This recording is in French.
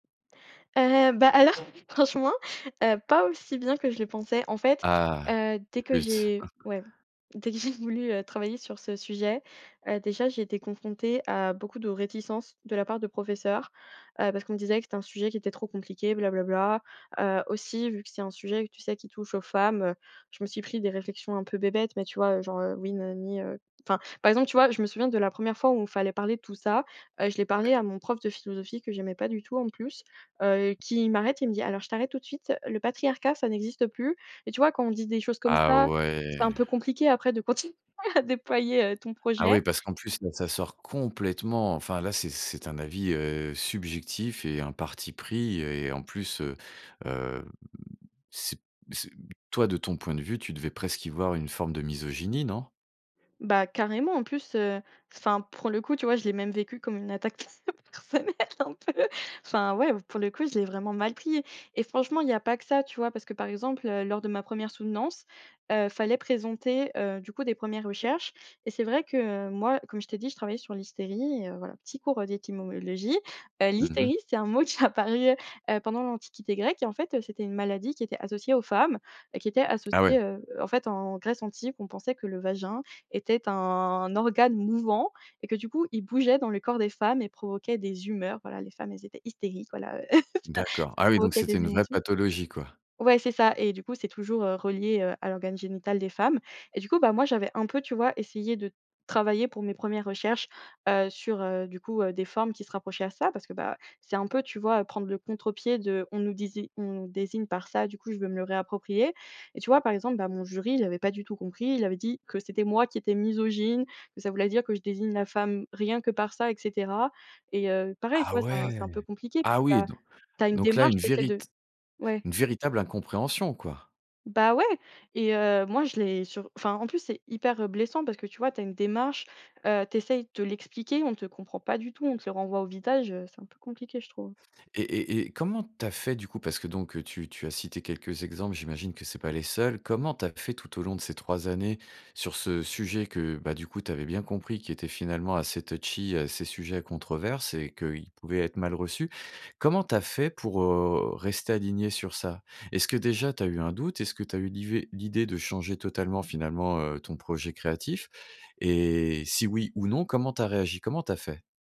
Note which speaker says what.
Speaker 1: Heu, bah, alors franchement, heu, pas aussi bien que je le pensais. En fait,
Speaker 2: Ah,
Speaker 1: heu, dès que
Speaker 2: flûte.
Speaker 1: j'ai, ouais, dès que j'ai voulu, heu, travailler sur ce sujet, heu, déjà, j'ai été confrontée à beaucoup de réticences de la part de professeurs, heu, parce qu'on me disait que c'était un sujet qui était trop compliqué «bla bla bla», heu, aussi vu que c'est un sujet que, tu sais, qui touche aux femmes, heu, je me suis pris des réflexions un peu bébêtes, mais, tu vois, heu, genre: «Heu, oui, na na ni», heu, enfin, par exemple, tu vois, je me souviens de la 1re fois où il fallait parler de tout ça, heu, je l'ai parlé
Speaker 2: Ouais.
Speaker 1: à mon prof de philosophie, que j'aimais pas du tout, en plus, heu, qui m'arrête et il me dit: «Alors, je t'arrête tout de suite, le patriarcat, ça n'existe plus». Et tu vois, quand on dit des choses comme
Speaker 2: Ah,
Speaker 1: ça,
Speaker 2: ouais.
Speaker 1: c'est un peu compliqué après de continuer à déployer, heu, ton
Speaker 2: Ah
Speaker 1: projet.
Speaker 2: oui, parce qu'en plus, là, ça sort complètement, enfin là c'est c'est un avis, heu, subjectif et un parti pris et, en plus, heu, hem, c'est c'est, toi, de ton point de vue, tu devais presque y voir une forme de misogynie, non?
Speaker 1: Bah, carrément, en plus, heu, enfin, pour le coup, tu vois, je l'ai même vécu comme une attaque pers personnelle un peu. Enfin, ouais, pour le coup, je l'ai vraiment mal pris. Et franchement, il y a pas que ça, tu vois, parce que, par exemple, heu, lors de ma 1re soutenance, heu, fallait présenter, heu, du coup, des 1res recherches, et c'est vrai que, moi, comme je t'ai dit, je travaillais sur l'hystérie, et, heu, voilà, petit cours d'étymologie, heu,
Speaker 2: Mmh mh.
Speaker 1: l'hystérie, c'est un mot qui est apparu, heu, pendant l'Antiquité grecque, et en fait, heu, c'était une maladie qui était associée aux femmes, qui était
Speaker 2: Ah
Speaker 1: associée,
Speaker 2: ouais.
Speaker 1: heu, en fait, en Grèce antique, on pensait que le vagin était un organe mouvant et que, du coup, il bougeait dans le corps des femmes et provoquait des humeurs, voilà les femmes, elles étaient hystériques, voilà, heu, ça
Speaker 2: D'accord.
Speaker 1: ça
Speaker 2: Ah oui, donc
Speaker 1: provoquait
Speaker 2: c'était
Speaker 1: des
Speaker 2: une vraie
Speaker 1: émotions.
Speaker 2: pathologie, quoi.
Speaker 1: Ouais, c'est ça, et du coup, c'est toujours, heu, relié, heu, à l'organe génital des femmes. Et, du coup, bah, moi, j'avais un peu, tu vois, essayé de travailler pour mes 1res recherches, heu, sur, heu, du coup, heu, des formes qui se rapprochaient à ça, parce que, bah, c'est un peu, tu vois, prendre le contre-pied de, on nous dési on désigne par ça, du coup, je veux me le réapproprier. Et, tu vois, par exemple, bah, mon jury, il avait pas du tout compris, il avait dit que c'était moi qui étais misogyne, que ça voulait dire que je désigne la femme rien que par ça, et cetera. Et heu, pareil, tu
Speaker 2: Ah
Speaker 1: vois, c'est un c'est un
Speaker 2: ouais!
Speaker 1: peu compliqué parce
Speaker 2: Ah
Speaker 1: que,
Speaker 2: oui,
Speaker 1: bah,
Speaker 2: don
Speaker 1: tu as une
Speaker 2: donc, là
Speaker 1: démarche,
Speaker 2: une
Speaker 1: tu essaies
Speaker 2: vérit
Speaker 1: de ouais.
Speaker 2: une véritable incompréhension, quoi.
Speaker 1: Bah, ouais, et, heu, moi je l'ai sur enfin, en plus, c'est hyper, heu, blessant parce que, tu vois, tu as une démarche, heu, tu essaies de l'expliquer, on te comprend pas du tout, on te le renvoie au visage, heu, c'est un peu compliqué, je trouve.
Speaker 2: Et et et comment tu as fait, du coup? Parce que, donc, tu tu as cité quelques exemples, j'imagine que c'est pas les seuls. Comment tu as fait tout au long de ces 3 années sur ce sujet que, bah, du coup, tu avais bien compris, qui était finalement assez touchy, heu, assez sujet à controverses et qu'il pouvait être mal reçu? Comment tu as fait pour, heu, rester alignée sur ça? Est-ce que, déjà, tu as eu un doute? Est-ce que tu as eu l'ivé l'idée de changer totalement, finalement, heu, ton projet créatif? Et si oui ou non, comment tu as réagi? Comment tu as fait?